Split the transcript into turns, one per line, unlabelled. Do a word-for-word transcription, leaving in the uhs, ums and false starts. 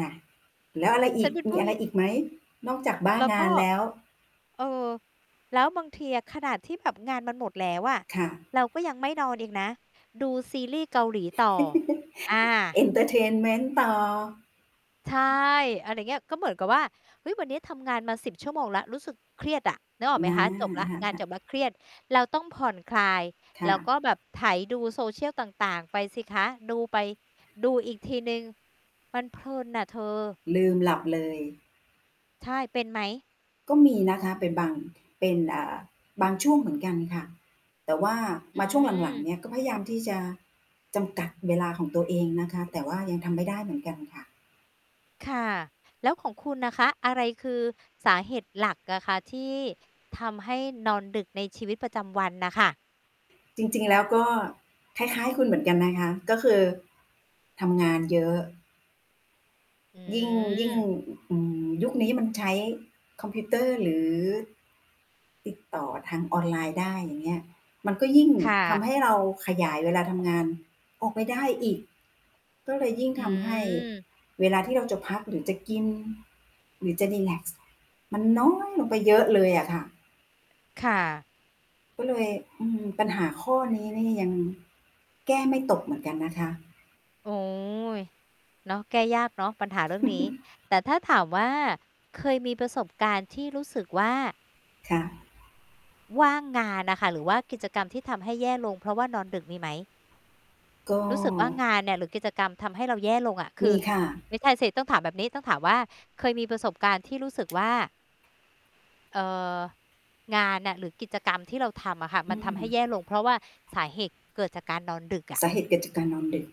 น่ะ แล้วอะไรอ
ฉั
ี
น
ก
เป็น
ม
ผู
ี
้
อะไร
ญ
อีกไหม นอกจากบ้า
แล้ว
ง
ก
า
็
นแล้ว?
เออ แล้วบางทีอะขนาดที่แบบงานมันหมดแล้วอะ
ค่ะ
เราก็ยังไม่นอนอีกนะ ดูซีรีส์เกาหลีต่อ อ
เ
า
อนเทอร์เทนเมนต์ ต่อ
ใช่ อะไรอย่างเงี้ย ก็เหมือนกับว่า เฮ้ย วันนี้ทำงานมา สิบ ชั่วโมงแล้ว รู้สึกเครียดอะ นึกออกไหม
นะ
คะ จบแล้ว
ค่
งาน
ะ
จบ
ๆ
แล้วเครียด เราต้องผ่อนคลาย
ค
แ
่
ล้วก
ะ
็แบบไถดู Social ต่าง ๆ ไปสิคะ ดูไป ดูอีกทีหนึ่ง มันเพลินน่ะเธอ
ลืมหลับเลย
ใช่ เป็นไหม?
ก็มีนะคะเป็นบาง เป็น อ่า บางช่วงเหมือนกันค่ะ แต่ว่า
อ
มาช่วงหลัง ๆ เ
ืม
นี่ยก็พยายามที่จะจำกัดเวลาของตัวเองนะคะ แต่ว่ายังทำไม่ได้เหมือนกันค่ะ
ค่ะ แล้วของคุณน่ะคะ อะไรคือสาเหตุหลักอะคะที่ทำให้นอนดึกในชีวิตประจำวันน่ะค่ะ?
จริง ๆ แล้วก็คล้าย ๆ คุณเหมือนกันนะคะ ก็คือทำงานเยอะ
อ
ยิ่ง ยิ่ง
ืม
อืม ยุคนี้มันใช้คอมพิวเตอร์ หรือติดต่อทางออนไลน์ได้ อย่างเงี้ย มันก็ยิ่ง
ค่
ทำให
ะ
้เราขยายเวลาทำงานออกไปได้อีก ก็เลยยิ่ง
อ
ทำให้
ืม
เวลาที่เราจะพักหรือจะกินหรือจะรีแลกซ์ มันน้อยลงไปเยอะเลยอะค่ะ
ค่ะ
ก็เลย อือ ปัญหาข้อนี้นี่ยังแก้ไม่ตกเหมือนกันนะคะ
โอ้ย เนาะ แก้ยากเนาะปัญหาเรื่องนี้ แต่ถ้าถามว่า เคยมีประสบการณ์ที่รู้สึกว่า
ค่ะ
ว่างงานน่ะค่ะ หรือว่ากิจกรรมที่ทำให้แย่ลง เพราะว่านอนดึกมีไหม?
ก็
รู้สึกว่างานเนี่ยหรือกิจกรรมทำให้เราแย่ลงอะ ค
ม
ื
ี
อ
ค่ะ
ไม่ใช่สิ ต้องถามแบบนี้ ต้องถามว่า เคยมีประสบการณ์ที่รู้สึกว่า เอ่อ งานน่ะหรือกิจกรรมที่เราทำอะค่ะ
อ
มั
ื
นทำให
ม
้แย่ลง เพราะว่าสาเหตุเกิดจากการนอนดึกอะ
สาเหตุเกิดจากการนอนดึก